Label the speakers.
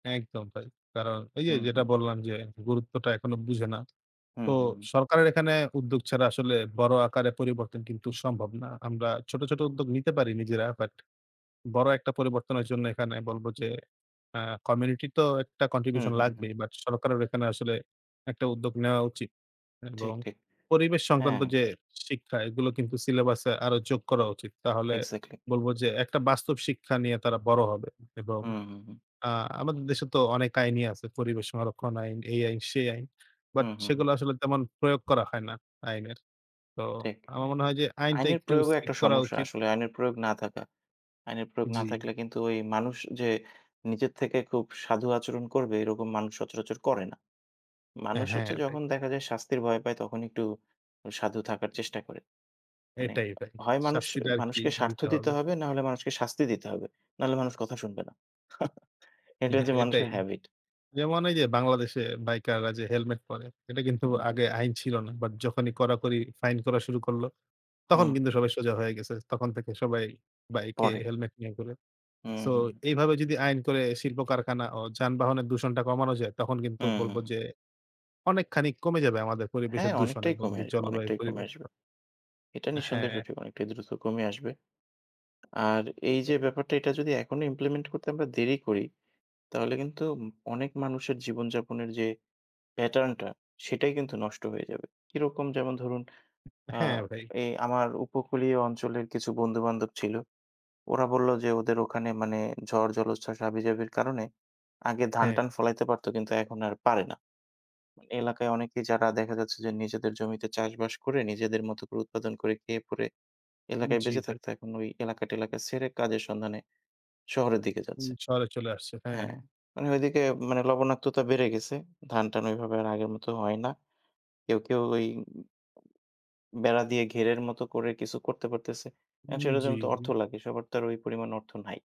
Speaker 1: একদম ভাই কারণ ওই যে,
Speaker 2: হুম,
Speaker 1: যেটা
Speaker 2: হুম।
Speaker 1: বললাম যে, গুরুত্বটা এখনো বুঝে না।
Speaker 2: হুম,
Speaker 1: তো
Speaker 2: হুম, হুম।
Speaker 1: সরকারের এখানে উদ্যোগ ছাড়া আসলে বড় আকারে পরিবর্তন কিন্তু সম্ভব না। আমরা ছোট, ছোট উদ্যোগ নিতে পারি নিজেরা বাট বড় একটা পরিবর্তনের জন্য এখানে বলব, যে, আ community তো একটা
Speaker 2: হুম,
Speaker 1: contribution
Speaker 2: হুম,
Speaker 1: লাগবেই।
Speaker 2: হুম।
Speaker 1: but সরকারেরও এখানে আসলে একটা উদ্যোগ নেওয়া উচিত
Speaker 2: ঠিক,
Speaker 1: এবং
Speaker 2: ঠিক
Speaker 1: পরিবেশ সংক্রান্ত
Speaker 2: হ্যাঁ।
Speaker 1: যে, শিক্ষা এগুলো কিন্তু syllabus এ আরও যোগ করা উচিত। তাহলে
Speaker 2: exactly।
Speaker 1: বলব যে, একটা বাস্তব শিক্ষা নিয়ে তারা বড় হবে এবং
Speaker 2: হুম, হুম, হুম।
Speaker 1: আ আমাদের দেশে তো অনেক আইনই আছে। পরিবেশ সংরক্ষণ আইন, এই আইন, সেই আইন। but
Speaker 2: হুম, হুম।
Speaker 1: সেগুলা আসলে তেমন প্রয়োগ করা হয় না আইনের। তো
Speaker 2: ঠিক
Speaker 1: আমার মনে হয় যে, আইনটা
Speaker 2: আইনের
Speaker 1: একটু
Speaker 2: প্রয়োগও একটা
Speaker 1: strict করা
Speaker 2: সমস্যা
Speaker 1: উচিত।
Speaker 2: আসলে আইনের প্রয়োগ না থাকা। আইনের প্রয়োগ না
Speaker 1: জি।
Speaker 2: থাকলে কিন্তু ওই মানুষ যে, নিজের থেকে খুব সাধু আচরণ করবে, এরকম মানুষ সচরাচর করে না।
Speaker 1: হ্যাঁ,
Speaker 2: মানুষ
Speaker 1: হ্যাঁ,
Speaker 2: হচ্ছে
Speaker 1: ভাই।
Speaker 2: যখন দেখা যায় শাস্তির ভয় পায় তখন একটু সাধু থাকার চেষ্টা করে। মানে
Speaker 1: এটাই ভাই
Speaker 2: হয় মানুষ
Speaker 1: শাস্তিটা আরকি
Speaker 2: মানুষকে স্বার্থ
Speaker 1: দিতে
Speaker 2: দিতে
Speaker 1: হবে।
Speaker 2: হবে নাহলে মানুষকে শাস্তি দিতে হবে, নাহলে মানুষ কথা শুনবে না, এটা
Speaker 1: হ্যাঁ,
Speaker 2: হচ্ছে
Speaker 1: এটাই
Speaker 2: মানুষের হ্যাবিট।
Speaker 1: যেমন এই যে, বাংলাদেশে বাইকাররা যে, helmet পরে এটা কিন্তু
Speaker 2: হুম।
Speaker 1: আগে আইন ছিল না। but যখনই কড়াকড়ি fine করা শুরু করল তখন
Speaker 2: হুম।
Speaker 1: কিন্তু সবাই সোজা হয়ে গেছে। তখন থেকে সবাই বাইকে
Speaker 2: পরে।
Speaker 1: helmet নিয়ে ঘুরে।
Speaker 2: হুম,
Speaker 1: so
Speaker 2: হুম।
Speaker 1: এইভাবে যদি আইন করে শিল্প কারখানা ও যানবাহনের দূষণটা কমানো যায় তখন কিন্তু
Speaker 2: হুম,
Speaker 1: বলব
Speaker 2: হুম।
Speaker 1: যে, অনেকখানি ক কমে যাবে আমাদের
Speaker 2: হ্যাঁ,
Speaker 1: পরিবেশের দূষণ
Speaker 2: অনেকটাই
Speaker 1: এবং
Speaker 2: কমে,
Speaker 1: জলবায়ু
Speaker 2: অনেকটাই কমে আসবে
Speaker 1: পরিবর্তন।
Speaker 2: এটা নিঃসন্দেহে
Speaker 1: হ্যাঁ।
Speaker 2: সত্যি অনেকটাই দ্রুত কমে আসবে। আর এই যে, ব্যাপারটা, এটা যদি এখনই implement করতে আমরা দেরি করি তাহলে কিন্তু অনেক মানুষের জীবনযাপনের যে, pattern টা সেটাই কিন্তু নষ্ট হয়ে যাবে কিরকম? যেমন ধরুন, আ
Speaker 1: হ্যাঁ, ভাই।
Speaker 2: এ আমার উপকূলীয় অঞ্চলের কিছু বন্ধু-বান্ধব ছিল। ওরা বলল যে, ওদের ওখানে মানে ঝড়, জলোচ্ছ্বাস, হাবি-জাবির কারণে আগে
Speaker 1: হ্যাঁ।
Speaker 2: ধান-টান ফলাইতে পারত কিন্তু এখন আর পারে না। এলাকায় অনেকেই যারা দেখা যাচ্ছে যে, নিজেদের জমিতে চাষবাস করে, নিজেদের মতো করে উৎপাদন করে, খেয়ে-পরে এলাকায়
Speaker 1: জি,
Speaker 2: বেঁচে
Speaker 1: ভাই।
Speaker 2: থাকত, এখন ওই এলাকা-টেলাকা ছেড়ে কাজের সন্ধানে শহরের দিকে
Speaker 1: উ
Speaker 2: যাচ্ছে
Speaker 1: শহরে চলে আসছে হ্যাঁ।
Speaker 2: হ্যাঁ, মানে ওইদিকে মানে লবণাক্ততা বেড়ে গেছে, ধান-টান ওইভাবে আর আগের মতো হয় না কেউ, কেউ ওই বেড়া দিয়ে ঘেরের মতো করে কিছু করতে পারতেছে। এ
Speaker 1: হুম,
Speaker 2: সেটার জন্য তো অর্থ
Speaker 1: জি।
Speaker 2: লাগে সবার তো আর ওই পরিমাণ অর্থ নাই।